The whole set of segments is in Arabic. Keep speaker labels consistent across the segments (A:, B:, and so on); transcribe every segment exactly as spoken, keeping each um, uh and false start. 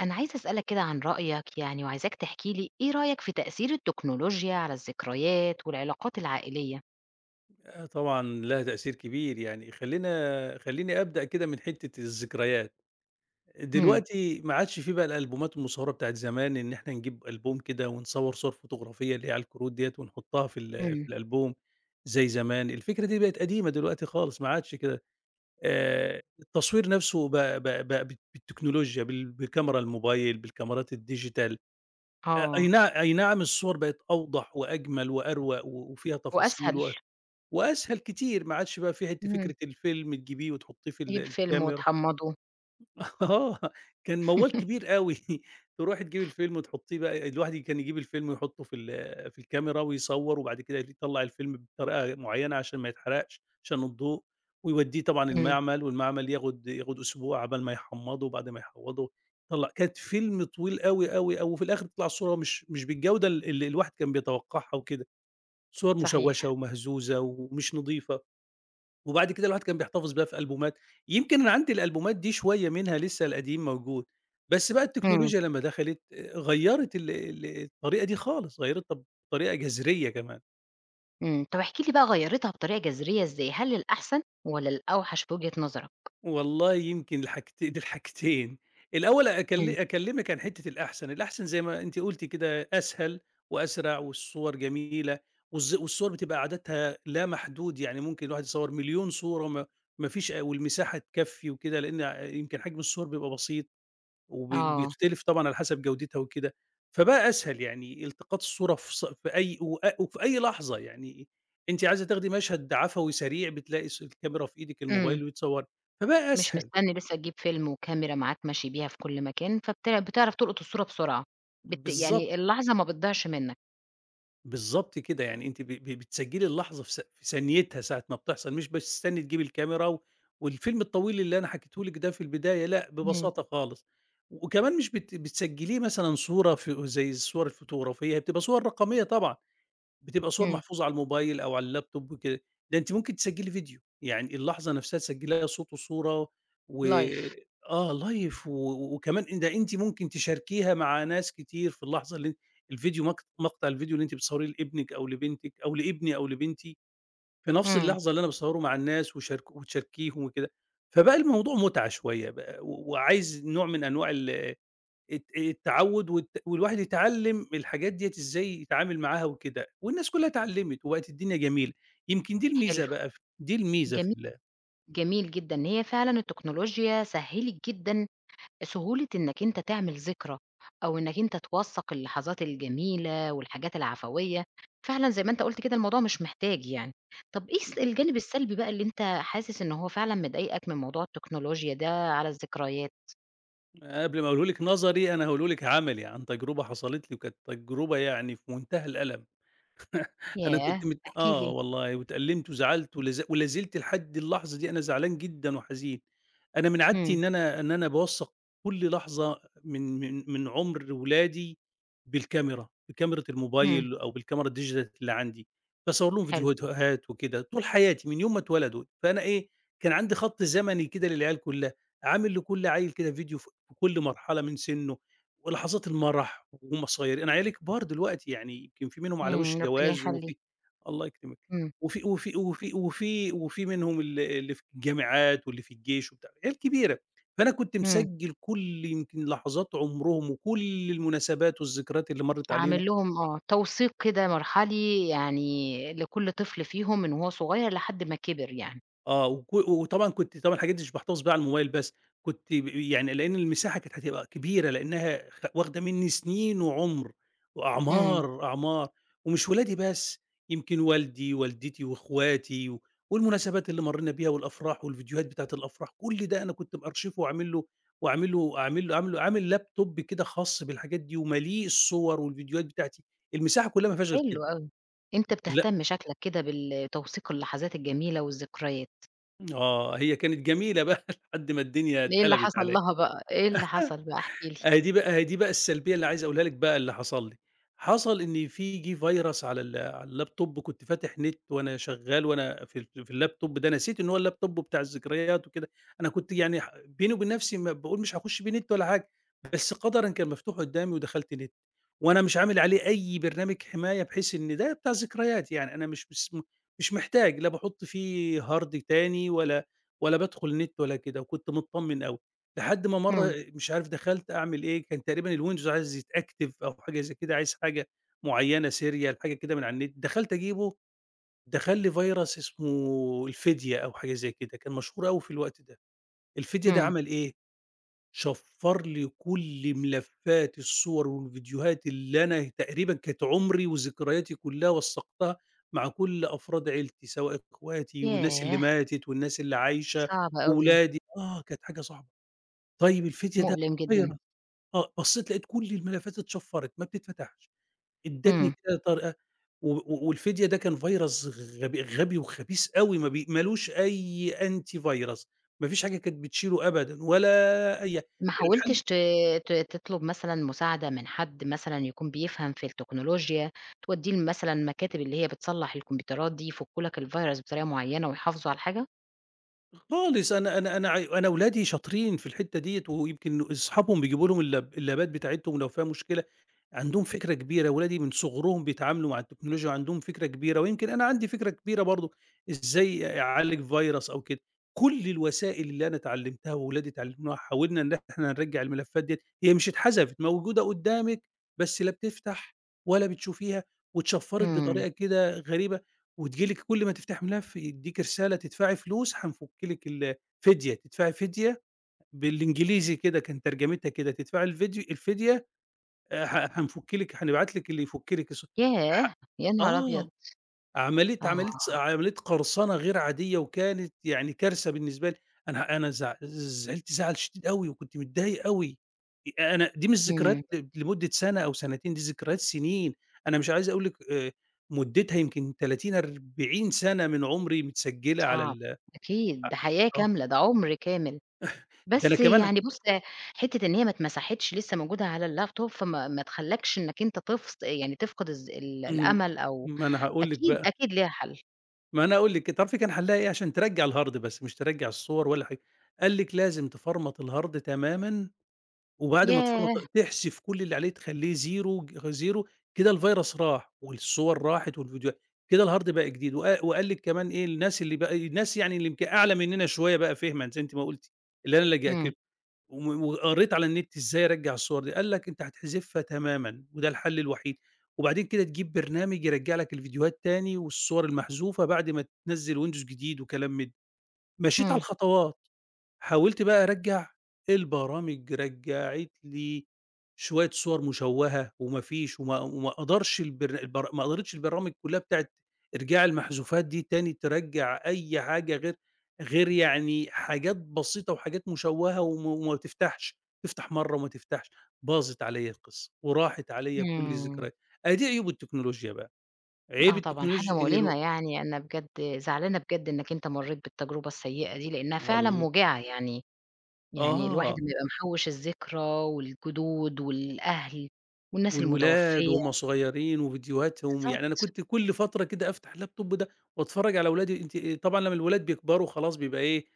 A: أنا عايزة أسألك كده عن رأيك يعني وعايزاك تحكي لي إيه رأيك في تأثير التكنولوجيا على الذكريات، والعلاقات العائلية؟
B: آآ، طبعًا لها تأثير كبير يعني خلّينا خلّيني أبدأ كده من حتّة الذكريات،
A: إمم.
B: دلوقتي ما عادش في بقى الألبومات المصوّرة بتاعة زمان، إن إحنا نجيب ألبوم كده ونصوّر صورة فوتوغرافية اللي هي على الكروت ديَّة ونحطّها في ال
A: إمم.
B: في الألبوم زي زمان، الفكرة دي بقِت قديمة دلوقتي خالص ما عادش كده آآ، التصوير نفسُه ب ب ب ب بالتكنولوجيا بال بالكاميرا الموبايل بالكاميرات الديجيتال آآ، أي
A: آه.
B: نعم أي نعم الصور بقِت أوضح وأجمل وأروَق، وفيها تفاصيل
A: وأسهل.
B: و وأسهل كتير ما عادش بقى في حتّة
A: إمم.
B: فكرة الفيلم تجيبيه وتحطّيه في ال
A: تجيب فيلم
B: الكاميرا.
A: وتحمّضه.
B: آه، كان موّال كبير أوي، ترُوحي تجيبي الفيلم، وتحطّيه بقى الواحد كان يجيب الفيلم ويحطّه في ال في الكاميرا ويصوّر وبعد كده يطلّع الفيلم بطريقة معيّنة عشان ما يتحرقش، عشان الضوء ويودّيه طبعًا
A: إمم.
B: المعمل والمعمل ياخد، ياخد أسبوع عقبال ما يحمّضه، وبعد ما يحمّضه يطلَّع كانت فيلم طويل أوي، أوي، أوي وفي الآخر تطلع الصورة مش، مش بالجودة ال اللي الواحد كان بيتوقّعها وكده، صُور
A: صحيح.
B: مشوّشة ومهزوزة ومش نضيفة، وبعد كده الواحد كان بيحتفظ بيها في ألبومات، يمكن أنا عندي الألبومات دي شوية منها لسه القديم موجود، بس بقى
A: إمم.
B: التكنولوجيا لمّا دخلِت آآ، غيّرت ال ال الطريقة دي خالص غيّرتها بطريقة جذرية كمان.
A: امم، طَب احكِ لي بقى غيّرِتها بطريقة جذرية إزاي، هل للأحسن والَّا للأوحش في وجهة نظرك؟
B: والله يمكن الحاجتين، دي الحاجتين، الأول أكل
A: امم.
B: أكلّمِك عن حتّة الأحسن، الأحسن زي ما أنتِ قلتِ كده أسهل وأسرع والصور جميلة، والز والصور بتبقى عددها لا محدود، يعني ممكن الواحد يصوّر مليون صورة، وما ما فيش والمساحة تكفّي وكده، لأن يمكن حجم الصور بيبقى بسيط، وبي
A: آه.
B: وبيختلف طبعًا على حَسَب جودتها وكده، فبقى أسهل يعني إلتقاط الصورة في ص في أي و وفي أي لحظة، يعني أنتِ عايزة تاخدي مشهد عَفَوي سريع بتلاقي الص الكاميرا في إيدِك
A: امم.
B: الموبايل وتصوّري، فبقى
A: مش
B: أسهل.
A: مستني لسه تجيب فيلم وكاميرا معاك ماشي بيها في كُل مكان، فبت بتعرف تلقط الصورة بسرعة، بت
B: بالضبط.
A: يعني اللحظة ما بتضيعش منك.
B: بالضبط كده، يعني أنتِ ب ب بتسجلّي اللحظة في ث في ثانيتها ساعة ما بتحصل مش بتستني تجيبي الكاميرا، والفيلم الطويل اللي أنا حكيته لِك ده في البداية لأ،
A: امم.
B: ببساطة خالص. وكمان مش بت بتسجلّيه مثلًا صورة ف زي الصور الفوتوغرافية، هي بتبقى صور رقمية طبعًا بتبقى صور
A: امم.
B: محفوظة على الموبايل، أو على اللاب توب وكده، ده أنتِ ممكن تسجلّي فيديو، يعني اللحظة نفسها تسجلّيها صوت وصورة و
A: لايف.
B: آه لايف و وكمان أن ده أنتِ ممكن تشاركيها مع ناس كتير في اللحظة اللي أن الفيديو مق مقطع الفيديو اللي أنتِ بتصوّريه لإبنِك أو لبنتِك، أو لإبني أو لبنتي، في نفس
A: امم.
B: اللحظة اللي أنا باصوّره مع الناس وشارك وتشاركيهم وكده، فبقى الموضوع متعة شوية بقى، و وعايز نوع من أنواع ال الت التعوّد والت والواحد يتعلّم الحاجات ديَّة إزاي يتعامل معاها وكده، والناس كلّها اتعلّمِت وبقِت الدنيا جميلة، يمكن دي
A: حلو،
B: الميزة بقى ف دي الميزة في
A: جمي
B: ال
A: جميل جدًا، هي فعلًا التكنولوجيا سهِّلِت جدًا سهولة إنك أنت تعمل ذكرى، أو إنك أنت توثَّق اللحظات الجميلة، والحاجات العفوية، فعلًا زي ما أنت قُلت كده الموضوع مش محتاج يعني، طَب إيه
B: م
A: الس الجانب السلبي بقى اللي أنت حاسس إن هو فعلًا مضايقك من موضوع التكنولوجيا ده على الذكريات؟
B: أنا قبل ما أقوله لِك نظري، أنا هاقوله لِك عملي، عن تجربة حصلت لي، وكانت تجربة يعني في منتهى الألم. أنا
A: ياه!
B: كنت مت
A: احكِ
B: آه
A: لي.
B: والله، واتألمت، وزعلت، ولا ز ولا زلت لحد اللحظة دي أنا زعلان جدًا، وحزين، أنا من عادتي
A: امم.
B: إن أنا إن أنا باوثق كلّ لحظة من من من عُمر ولادي بالكاميرا، بكاميرة
A: امم.
B: الموبايل، أو بالكاميرا الdigital اللي عندي، باصور ليهم
A: حلو.
B: فيديوتوهات وكده طول حياتي، من يوم ما اتولدوا، فأنا إيه، كان عندي خط زمني كده للعيال كلّها، عامل لكلّ عيل كده فيديو ف كلّ مرحلة من سِنُّه، ولحظات المرح، ومصاي أنا عيالي كبار دلوقتي، يعني يمكن في منهم على وش
A: امم، ربنا
B: جواز،
A: يخلّيهم.
B: وفي الله يكرمك،
A: امم.
B: وفي وفي وفي وفي وفي منهم ال اللي في الجامعات، واللي في الجيش وبتاع، عيال كبيرة. فأنا كنت
A: امم.
B: مسجل كلّ يمكن لحظات عُمرهم، وكلّ المناسبات، والذكريات اللي مَرت علينا.
A: عامل لهم آه، توثيق كده مرحلي، يعني لكلّ طفل فيهم، من وهو صغير، لحد ما كِبر يعني.
B: آه، وك وطبعًا كُنت طبعًا الحاجات دي مش باحتفظ بيها على الموبايل، بس كنت ب يعني لأن المساحة كانت هتبقى كبيرة، لأنها خ واخدة مني سِنين، وعُمر،
A: امم.
B: وأعمار، أعمار. ومش ولادي بس، يمكن والدي، والدتي، وأخواتي، و والمناسبات اللي مرينا بيها، والأفراح، والفيديوهات بتاعة الأفراح، كلّ ده أنا كنت مأرشفه، وعامل له وعامل له أعمل له عامل عامل laptop كده خاص بالحاجات دي، ومالّيه الصور، والفيديوهات بتاعتي، المساحة كلّها ما فيهاش غير كده.
A: حلو أوي، أنت
B: لأ.
A: بتهتم شكلك كده بالتوثيق اللحظات الجميلة، والذكريات.
B: آه، هي كانت جميلة بقى لحد ما الدنيا
A: إيه اللي
B: اتقلبت
A: حصل
B: عليَّ،
A: لها بقى، إيه اللي حصل بقى؟ احكِ لي.
B: أهي دي بقى أهي دي بقى السلبية اللي عايز أقولها لِك بقى اللي حصل لي، حصل إن في جِه virus على ال على اللاب توب كنت فاتح نت وأنا شغال وأنا في ال في اللاب توب ده نسيت إن هو اللابتوب بتاع الذكريات وكده، أنا كنت يعني ح بيني وبين نفسي ما باقول مش هاخُش بيه نت، ولا حاجة بس قَدَرًا كان مفتوح قُدّامي، ودخلت نت وأنا مش عامل عليه أي برنامج حماية، بحيث إن ده بتاع ذكريات يعني، أنا مش مس مش محتاج، لا باحُطّ فيه هارد تاني، ولا، ولا بادخل نت ولا كده، وكنت متطمن أوي، لحد ما مرّه
A: امم.
B: مش عارف دخلت أعمل إيه كان تقريبًا الwindows عايز يتأكتف أو حاجة زي كده، عايز حاجة معينة سيريال حاجة كده من على النت دخلت أجيبُه، دخل لي virus اسمه الفدية أو حاجة زي كده، كان مشهور أوي في الوقت ده، الفدية ده
A: امم.
B: عمل إيه، شَفَّر لي كُلّ ملفات الصور والفيديوهات اللي أنا تقريبًا كانت عمري وذكرياتي كلّها وثّقتها مع كُلّ أفراد عيلتي، سواء اخواتي والناس اللي
A: ياه!
B: ماتت والناس اللي عايشة،
A: صعبة أوي.
B: وولادي آه كانت حاجة صعبة، طيب الفدية ده
A: مؤلم جدًا.
B: virus آه، بصّيت لقيت كُلّ الملفات اتشفَّرِت ما بتتفتحش، ادتني
A: امم.
B: كذا طريقة و والفدية ده كان virus غب غبي وخبيث أوي، ما بي ما لوش أي Antivirus ما فيش حاجة كانت بتشيله أبدًا، ولا أي حا
A: ما
B: الحل
A: حاولتش ت ت ت تطلب مثلًا مساعدة من حد مثلًا يكون بيفهم في التكنولوجيا، توديّه لمثلًا مكاتب اللي هي بتصلّح الكمبيوترات دي يفكّوا لك الvirus بطريقة معيّنة ويحافظوا على الحاجة؟
B: خالص أنا أنا أنا ع أنا ولادي شاطرين في الحتة ديَّة، ويمكن أصحابهم بيجيبوا لهُم اللاب اللابات بتاعتهم لو فيها مشكلة، عندهم فكرة كبيرة ولادي من صغرهم بيتعاملوا مع التكنولوجيا، وعندهم فكرة كبيرة ويمكن أنا عندي فكرة كبيرة برضه، إزاي أعالج Virus أو كده، كُلّ الوسائل اللي أنا اتعلمتها وولادي اتعلموها حاولنا إن إحنا نرجَّع الملفات ديَّة، هي مش اتحذفت موجودة قُدَّامِك بس لا بتفتح ولا بتشوفيها، واتشفّرت
A: إمم.
B: بطريقة كده غريبة وتيجي لِك كُلّ ما تفتحي ملف يديكِ رسالة تدفعي فلوس هنفُكّ لك ال فديه تدفعي فديه بالإنجليزي كده، كان ترجمتها كده تدفعي الفيديو الفديه، آآ، ح هنفُكّ لك هنبعت لك اللي يفُكّ لك س ح
A: ياه! يا نهار
B: آه،
A: أبيض!
B: عملية، عملية،
A: آه.
B: عملية قرصنة غير عادية وكانت يعني كارثة بالنسبة لي، أنا أنا زع زعلت زعل شديد أوي، وكنت متضايق أوي، أنا دي مش
A: إمم.
B: ذكريات لمدة سنة أو سنتين، دي ذكريات سنين، أنا مش عايز أقول لِك آآ، مدتها يمكن تلاتين أربعين سنة من عمري، متسجِّلة على
A: صعب،
B: ال ع
A: أكيد ده حياة
B: آه.
A: كاملة ده عُمر كامل،
B: ده أنا
A: بس
B: كمان
A: يعني بُصّ، حتة إن هي ما اتمسحتش لسه موجودة على اللاب توب فما ما تخلّكش إنك أنت تف يعني تفقد الذ ال
B: إمم،
A: الأمل أو
B: ما أنا هاقول لِك
A: أكيد،
B: بقى.
A: أكيد ليها حَلّ.
B: ما أنا أقول لِك تعرفي كان حلّها إيه عشان ترجّع الهارد بس مش ترجّع الصور ولا حاجة، قال لِك لازم تفرمت الهارد تمامًا وبعد ما
A: ياه!
B: تفرمت ال تحذف كُلّ اللي عليه تخلّيه زيرو زيرو كده الفيرس راح، والصور راحت والفيديوهات، كده الهارد بقى جديد وق وقال لِك كمان إيه، الناس اللي بقى الناس يعني اللي يمكن أعلى مننا شوية بقى فهمًا زي أنتِ ما قُلتِ، اللي أنا لجأت
A: إمم.
B: لهم و وقريت على النت، إزاي أرجّع الصور دي قال لك أنت هتحذفها تمامًا، وده الحل الوحيد وبعدين كده تجيب برنامج يرجّع لك الفيديوهات تاني، والصور المحذوفة، بعد ما تنزّل ويندوز جديد وكلام من ده، مشيت على
A: همم.
B: الخطوات، حاولت بقى أرجّع البرامج رجّعت لي شوية صور مشوّهة، وما فيش وما وما قدرش البر البر ما قدرتش البرامج كلّها بتاعة إرجاع المحذوفات دي تاني، ترجّع أي حاجة غير غير يعني حاجات بسيطة وحاجات مشوّهة وما وما تفتحش، تفتح مرّه وما تفتحش، باظت عليَّ القصّة وراحت عليَّ كُلّ
A: إمم.
B: الذكريات، أهي دي عيوب التكنولوجيا بقى، عيب
A: آه طبعًا، حاجة
B: التكنولوجيا إن
A: مؤلمة
B: لو
A: يعني أنا بجد زعلانة بجد إنك أنت مرّيت بالتجربة السيئة دي، لأنها فعلًا
B: والل
A: موجعة يعني يعني الواحد
B: آه.
A: بيبقى محوّش الذكرى، والجدود والأهل، والناس
B: والولاد
A: المتوفية.
B: وهم صغيرين، وفيديوهاتهم يعني أنا
A: بالضبط.
B: كنت كُلّ فترة كده أفتح اللاب توب ده وأتفرّج على ولادي، أنتِ طبعًا لمّا الولاد بيكبروا خلاص بيبقى إيه،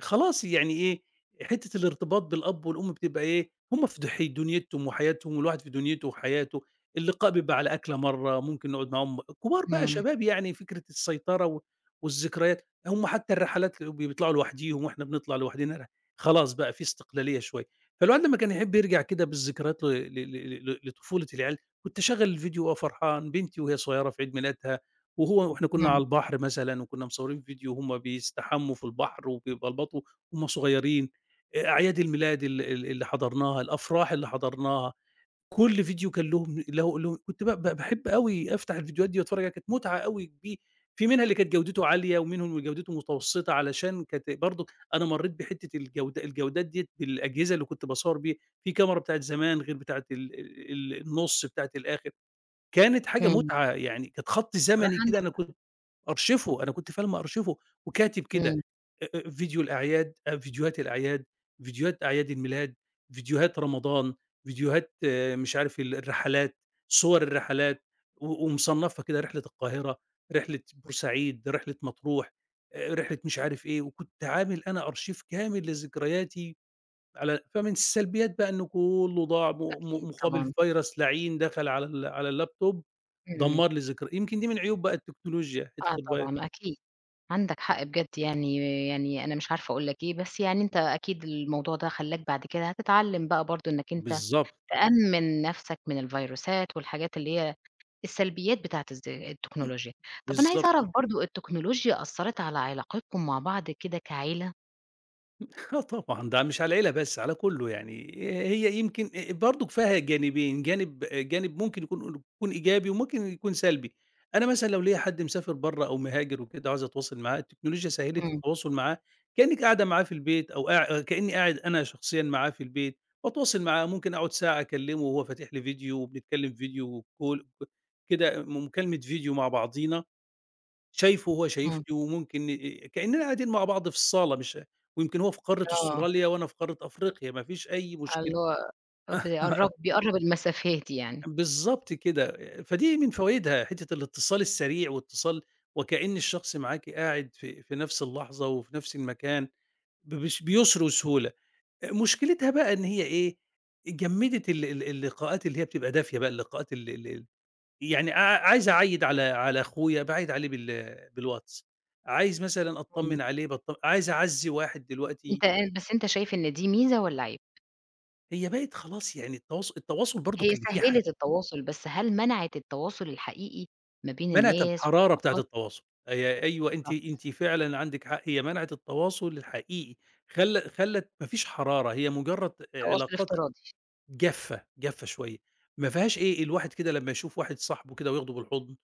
B: خلاص يعني إيه، حتة الارتباط بالأب والأم بتبقى إيه، هم في دح دنيتهم وحياتهم والواحد في دنيته وحياته، اللقاء بيبقى على أكلة مرّه ممكن نقعد معاهم كبار بقى
A: إمم.
B: شباب يعني فكرة السيطرة و والذكريات، هم حتى الرحلات ب بيطلعوا لوحديهم، وإحنا بنطلع لوحدنا رح خلاص بقى في استقلالية شوية، فالواحد لمّا كان يحب يرجع كده بالذكريات ل ل ل ل ل لطفولة العيال، كنت أشغّل الفيديو، وأبقى فرحان بنتي وهي صغيرة في عيد ميلادها، وهو وإحنا كنا على
A: إمم.
B: البحر مثلًا، وكنا مصورين فيديو وهم بيستحمّوا في البحر، وبيبلبطوا وهم صغيرين، آآ أعياد الميلاد ال ال اللي حضرناها، الأفراح اللي حضرناها، كُلّ فيديو كان لهم له له كنت ب ب باحب أوي أفتح الفيديوهات دي، وأتفرّج عليها كانت متعة أوي كبي في منها اللي كانت جودته عالية، ومنهم اللي جودته متوسطة علشان كانت برضه أنا مرّيت بحتة الجودة الجودات ديّة بالأجهزة اللي كنت باصوّر بيها، في كاميرا بتاعة زمان، غير بتاعة ال ال ال النُصّ بتاعة الآخر، كانت حاجة
A: إمم.
B: متعة، يعني كانت خط
A: الصراحة
B: زمني كده
A: عندك
B: أنا
A: حق.
B: كنت مأرشفه أنا كنت فعلًا مأرشفه وكاتب كده،
A: إمم.
B: آآ فيديو الأعياد، فيديوهات الأعياد، فيديوهات أعياد الميلاد، فيديوهات رمضان، فيديوهات مش عارف ال الرحلات، صور الرحلات، و ومصنّفها كده، رحلة القاهرة، رحلة بورسعيد، رحلة مطروح، آآ، رحلة مش عارف إيه، وكنت عامل أنا أرشيف كامل لذكرياتي، على فمن السلبيات بقى إنه كُلّه ضاع م م
A: أكيد
B: مقابل
A: طبعًا.
B: فيرس لعين دخل على ال على اللاب توب
A: إمم.
B: دمّر لي ذكر يمكن دي من عيوب بقى التكنولوجيا حتة
A: آه
B: الفيرس.
A: طبعًا، أكيد عندك حق، بجد يعني، يعني أنا مش عارفة أقول لك إيه، بس يعني أنت أكيد الموضوع ده خلّاك بعد كده هتتعلم بقى برضه إنك أنت
B: بالضبط.
A: تأمِّن نفسك من الفيروسات والحاجات اللي هي السلبيات بتاعت الز التكنولوجيا، طَب أنا عايزة
B: بالضبط.
A: أعرف برضه التكنولوجيا أثَّرِت على علاقتكم مع بعض كده كعيلة؟
B: آه طبعًا، ده مش على العيلة بس، على كُلّه يعني هي يمكن برضك فيها جانبين، جانب جانب ممكن يكون كون إيجابي وممكن يكون سلبي، أنا مثلًا لو ليّا حد مسافر برّه، أو مهاجر وكده وعايز أتواصل معاه، التكنولوجيا سهِّلِت
A: إمم.
B: التواصل معاه كأنِّك قاعدة معاه في البيت أو قاع كأني قاعد أنا شخصيًا معاه في البيت، وأتواصل معاه ممكن أقعد ساعة أكلّمه وهو فاتح لي فيديو وبنتكلم فيديو، وcall كده مكالمة فيديو مع بعضينا شايفُه وهو
A: إمم.
B: شايفني، وممكن ن كأننا قاعدين مع بعض في الصالة مش ويمكن هو في قارة
A: آه.
B: أستراليا، وأنا في قارة أفريقيا، ما فيش أي
A: آه
B: مشكلة.
A: اللي هو بيقرّب، بيقرّب المسافات يعني.
B: بالضبط كده، فدي من فوايدها حتة الاتصال السريع، واتصال وكأن الشخص معاكِ قاعد في في نفس اللحظة، وفي نفس المكان ب بس بيُسْر وسهولة، مشكلتها بقى إن هي إيه جمِّدِت ال ال اللقاءات اللي هي بتبقى دافية بقى، اللقاءات ال ال ال يعني قع عايز أعيِّد على، على أخويا باعيِّد عليه بال بالواتس، عايز مثلًا
A: إمم.
B: أطّمن عليه، باطّمن عايز أعزّي واحد دلوقتي.
A: أنت يع بس أنت شايف إن دي ميزة والَّا عيب؟
B: هي بِقت خلاص يعني التواص التواصل برضك
A: هي
B: اللي فيه ح
A: سهِّلِت التواصل، بس هل منعت التواصل الحقيقي، ما بين
B: مَنَعِت
A: الناس
B: الحرارة بتاعة
A: والعلاقات؟
B: التواصل، أي أيوه أنتِ
A: بالضبط.
B: أنتِ فعلًا عندِك حق، هي مَنَعِت التواصل الحقيقي، خل خلّت ما فيش حرارة، هي مجرّد
A: تواصل
B: علاقات
A: افتراضي.
B: جافة، جافة شوية، ما فيهاش إيه الواحد كده لمّا يشوف واحد صاحبه كده وياخده بالحضن،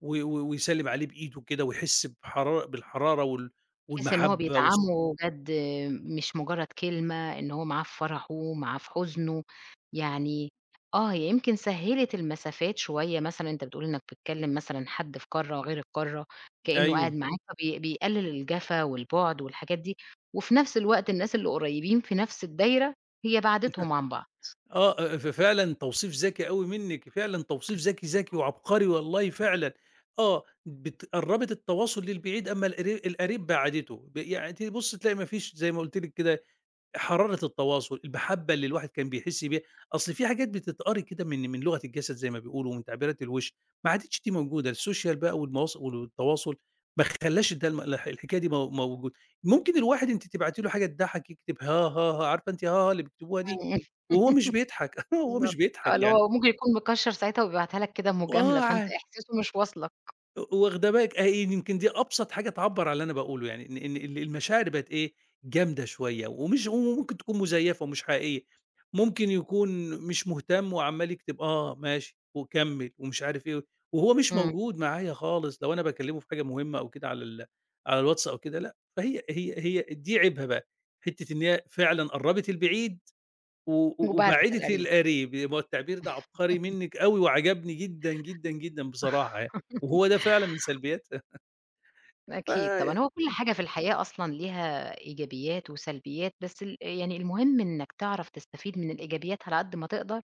B: و و ويسلّم عليه بإيده كده، ويحس بحرار بالحرارة وال
A: بحيث إن هو
B: والمَحبّة والص
A: بيدعمه جَد مش مجرّد كلمة، إن هو معاه في فرحُه، معاه في حزنُه، يعني آه، هي يمكن سهِّلِت المسافات شوية مثلًا، أنت بتقول إنك بتكلم مثلًا حد في قارة غير القارة، كأنه قاعد
B: أيوه.
A: معاك فبي بيقلِّل الجفا والبُعد والحاجات دي، وفي نفس الوقت الناس اللي قريّبين في نفس الدايرة، هي بَعَدِتهم عن بعض.
B: آه، آآ، ف فعلًا توصيف ذكي أوي منِّك فعلًا توصيف ذكي، ذكي
A: [unintelligible]
B: وعبقري والله فعلًا، آه بت قرّبِت التواصل للبعيد، أما القر القريب بعَدِّتُه ب يعني تبُصّي تلاقي ما فيش زي ما قلت لِك كده حرارة التواصل، المحبة اللي الواحد كان بيحس بيها، أصل في حاجات بتتقري كده من من لغة الجسد زي ما بيقولوا، ومن تعبيرات الوش، ما عادتش دي موجودة السوشيال بقى والمواص والتواصل ما خلّاش الد الح الحكاية دي مو موجودة، ممكن الواحد أنتِ تبعتي له حاجة تضحّك يكتب هاهاها عارفة أنتِ هاها اللي بيكتبوها دي؟
A: امم،
B: وهو مش بيضحك وهو مش
A: بالضبط، آه
B: بيضحك
A: اللي
B: يعني.
A: هو ممكن يكون مكشَّر ساعتها وبيبعتها لك كده مجاملة،
B: وآه
A: فأنت
B: عا
A: احساسُه مش واصلك.
B: واخدة بالِك أهي يمكن دي أبسط حاجة تعبَّر على اللي أنا باقول له، يعني إن إن ال المشاعر بقت إيه، جامدة شوية، ومش و وممكن تكون مزيّفة ومش حقيقية، ممكن يكون مش مهتم وعمّال يكتب آه ماشي وكمّل ومش عارف إيه، وهو مش
A: إمم.
B: موجود معايا خالص لو أنا باكلّمه في حاجة مهمّة أو كده على ال على الواتس أو كده لأ، فهي هي هي دي عيبها بقى، حتّة إن هي فعلًا قرّبِت البعيد و
A: وبعدت
B: وبعِّدِت
A: القريب.
B: القريب، يبقى التعبير ده عبقري منِّك أوي وعجبني جدًا، جدًا، جدًا، بصراحة يعني، وهو ده فعلًا من سلبياتها.
A: أكيد
B: إمم.
A: طبعًا، هو كلّ حاجة في الحياة أصلًا ليها إيجابيات وسلبيات، بس ال يعني المهم إنَّك تعرف تستفيد من الإيجابيات على قد ما تقدر،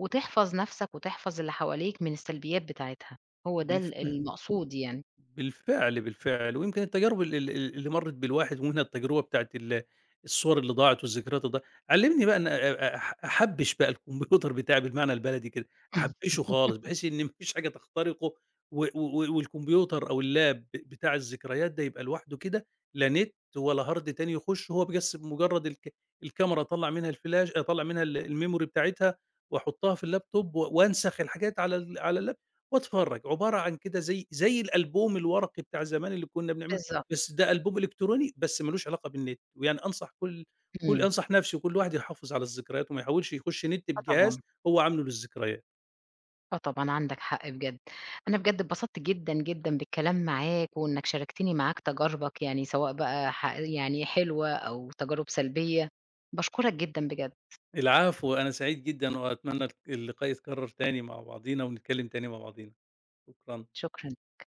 A: وتحفظ نفْسَك، وتحفظ اللي حواليك من السلبيات بتاعتها، هو ده ال
B: بالفعل.
A: المقصود يعني.
B: بالفعل، بالفعل، ويمكن التجارب ال ال ال اللي مرّت بالواحد ومنها التجربة بتاعة ال الصوَر اللي ضاعت والذكريات اللي ضاع علّمني بقى إن أ أ أح أحبّش بقى الكمبيوتر بتاعي بالمعنى البلدي كده، أحبّشه خالص بحيث إن ما فيش حاجة تخترقه، و و والكمبيوتر أو الLap ب بتاع الذكريات ده يبقى لوحده كده، لا نت ولا Hard تاني يخشه هو بس بمجرّد الك الكاميرا أطلّع منها الفلاش أطلّع منها ال الmemory بتاعتها، وأحطها في الLaptop و وأنسخ الحاجات على ال على الLap وأتفرّج، عبارة عن كده زي زي الألبوم الورقي بتاع زمان اللي كنّا بنعمله بس
A: بالضبط.
B: ده ألبوم إلكتروني بس ما لوش علاقة بالنت، ويعني أنصح كلّ كلّ
A: إمم.
B: أنصح نِفْسي وكلّ واحد يحافظ على الذكريات وما يحاولش يخش نت
A: آه
B: بجهاز
A: طبعًا.
B: هو عامله للذكريات.
A: آه طبعًا عندَك حق بجد، أنا بجد اتبسطت جدًا، جدًا بالكلام معاك وإنَّك شاركتني معاك تجاربَك يعني سواء بقى ح يعني حلوة أو تجارب سلبية، باشكرَك جدًا بجد.
B: العفو، أنا سعيد جدًا وأتمنى ال اللقاء يتكرّر تاني مع بعضينا ونتكلّم تاني مع بعضينا، شكرًا.
A: شكرًا لِيك.